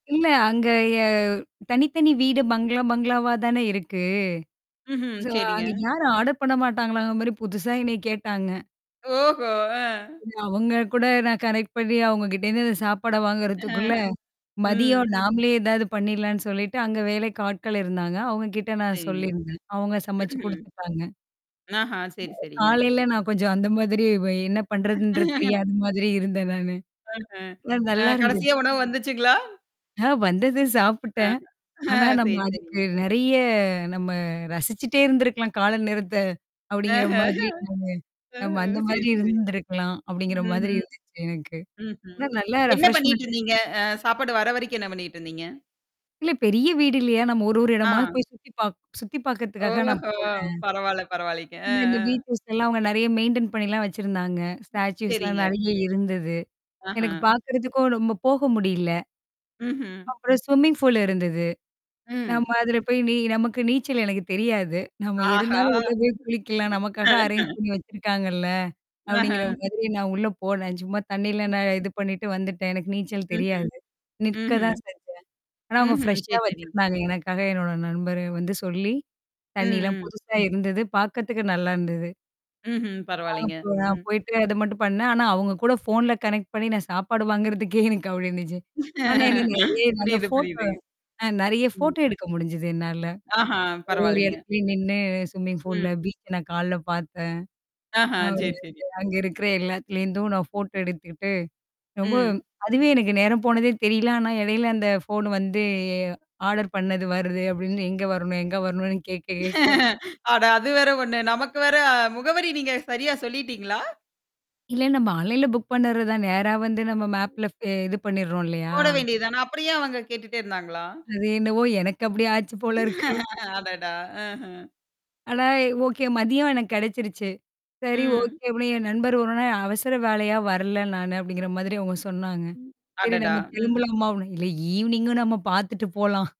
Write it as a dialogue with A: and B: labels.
A: இல்ல, அங்க யா தனித்தனி வீடு. பங்களா பங்களாவா தானே இருக்கு!
B: ம்ஹம்,
A: ஸோ
B: சரிங்க.
A: அங்க யாரும் ஆடர் பண்ண மாட்டாங்களாங்கிற மாரி? புதுசா என்னைய கேட்டாங்க.
B: ஓஹோ.
A: அவங்க கூட நான் கனெக்ட் பண்ணி நான் அவங்க கிட்ட இருந்து, இந்த சாப்பாட வாங்குறதுக்குள்ள,
B: அஹ். ம்.
A: மதியம் நாமளே ஏதாவது பண்ணிறலாம்ன்னு சொல்லிட்டு, அங்க வேலைக்கு ஆட்கள் இருந்தாங்க. அவுங்க கிட்ட நான்
B: சரிங்க.
A: சொல்லியிருந்தேன். அவுங்க சமைச்சு
B: ம்ஹம்.
A: குடுத்துட்டாங்க.
B: ஆஹா சரி, சரிங்க.
A: காலையில நான் கொஞ்சம் அந்த மாதிரி ப்ப என்ன பண்றதுன்றது, தெரியாத மாதிரி இருந்தேன் நானு. ஆனா நல்லா
B: அஹ,
A: இருந்துது.
B: கடைசியா உணவு வந்துச்சுங்களா?
A: நான் வந்தது,
B: அ,
A: சாப்பிட்டேன். ஆனா
B: சரி,
A: நம்ம அதுக்கு
B: சரிங்க.
A: நெறையா "நம்ம ரசிச்சுக்கிட்டே இருந்திருக்கலாம். காலை நேரத்த" அப்படிங்கற
B: அஹ்
A: மாதிரி
B: ஹம்.
A: நானு "நாம
B: அஹ்,
A: அந்த
B: சரி,
A: மாதிரி
B: சரி.
A: இருந்திருக்கலாம்" அப்படிங்கற மாதிரி
B: ம்ஹம்.
A: இருந்துச்சு எனக்கு.
B: ம்ஹம்.
A: ஆனா நல்லா
B: என்ன
A: ரெஃப்ரெஸ்மென்ட்
B: பண்ணிட்டு இருந்தீங்க? அ, சாப்பாடு வர வரைக்கும் என்ன பண்ணிட்டு இருந்தீங்க?
A: இல்ல பெரிய வீடு இல்லையா? ஒரு ஒரு இடமா
B: ஆ.
A: போய் சுத்தி பாக் சுத்தி பாக்குறதுக்காக நான்
B: ஓஹோ.
A: போனேன்.
B: பரவால்லை பரவால்லைங்க. அ
A: இந்த அந்த
B: அ,
A: வீட்லல்லாம் அவங்க நெறையா மெயின்டன் பண்ணி எல்லாம் வச்சிருந்தாங்க. ஸ்டாச்சூஸ் எல்லாம்
B: சரிங்க.
A: நெறையா இருந்தது. எனக்குப்
B: ஆஹ.
A: பாக்குறதுக்கும் ரொம்ப போக முடியல.
B: ம்ஹ்ம்.
A: அப்புறம் ஸ்விம்மிங் பூலு இருந்தது. நம்ம
B: ம்.
A: அதுல போய் நீ நமக்கு நீச்சல் எனக்குத் தெரியாது. "நம்ம
B: ஆஹா.
A: இருந்தாலும் உள்ள போய் குளிக்கலாம். நமக்காக அரேஞ் பண்ணி வச்சிருக்காங்கல்ல!"
B: அஹா,
A: அப்படிங்கற மாதிரி நான் உள்ள போனேன். சும்மா தண்ணீல நான் இது பண்ணிட்டு வந்துட்டேன். எனக்கு நீச்சல்
B: ம்ஹ்ம்
A: தெரியாது. நிற்க
B: ம்ஹ்ம்
A: தான் செஞ்சேன். ஆனா அவுங்க
B: ம்ஹ்ம்.
A: ப்ரெஷ்ஷா
B: சரி சரிங்க.
A: வச்சிருந்தாங்க. எனக்காக, என்னோட நண்பர வந்து சொல்லி, தண்ணீ எல்லாம்
B: ம் ம்.
A: புதுசா இருந்தது. பாக்குறதுக்கு நல்லா இருந்தது.
B: ம்ஹ்ம், பரவால்லைங்க.
A: அப்புறம் நான்
B: ம்.
A: போயிட்டு அத மட்டும் பண்ணேன். ஆனா அவுங்க கூடப் ஃபோன்ல கனெக்ட் பண்ணி நான் சாப்பாடு வாங்குறதுக்கே, எனக்கு அப்டி இருந்துச்சு. ஆனா என்னா? நெறையா நல்லா
B: புரியுது
A: ஃபோட்டோ
B: புரியுதுங்க.
A: அ நெறையா
B: ம்.
A: ஃபோட்டோ எடுக்க முடிஞ்சுது. என்னால.
B: ஆஹான்
A: ஒரு ஒரு
B: பரவால்லைங்க.
A: எடத்துலயும் நின்னு ஸ்விம்மிங் பூல்ல
B: ம்.
A: பீச்ச நான் காலைல பாத்தேன்.
B: ஆஹா. சரி
A: அப்றமேட்டு
B: சரி.
A: அங்க இருக்கிற எல்லாத்துலருந்தும் நான் ஃபோட்டோ எடுத்துக்கிட்டு, ரொம்ப
B: ம்.
A: அதுவே எனக்கு நேரம் போனதே தெரியல. ஆனா எடையில அந்த ஃபோன் வந்து "ஆடர் பண்ணுது வருது" அப்படிருந்து, எங்க வரணும்? எங்க வரணும்னு? கேக்க கேக்க
B: அட அது வேற 1 நமக்கு வேற அ முகவரி நீங்கச் சரியா சொல்லிட்டீங்களா?
A: இல்ல நம்ம ஆன்லைன்ல புக் பண்ணுறதுதான். நேரா வந்து நம்ம மேப்ல இது பண்ணிர்றோம் இல்லையா?
B: போட வேண்டியதானே! அப்பறம் ஏன் அவங்க? கேட்டுட்டுடே இருந்தாங்களா?
A: அது என்னவோ, எனக்கு அப்படி ஆச்சு போல இருக்கு.
B: அடடா!
A: ஆனா, எ ஓகே மதியம் எனக்கு கெடச்சிருச்சு. "சரி
B: ம்.
A: ஓகே!" அப்டின்னு என் நண்பர் "ஒரு [unintelligible] அவசர வேலையா வரல. நானு" அப்படிங்கற மாதிரி அவுங்க சொன்னாங்க. சரி
B: அடடா!
A: நம்ம
B: ம்.
A: திரும்பலாமா? அப்டி இல்ல ஈவினிங்கும் நம்ம பாத்துட்டு போலாம்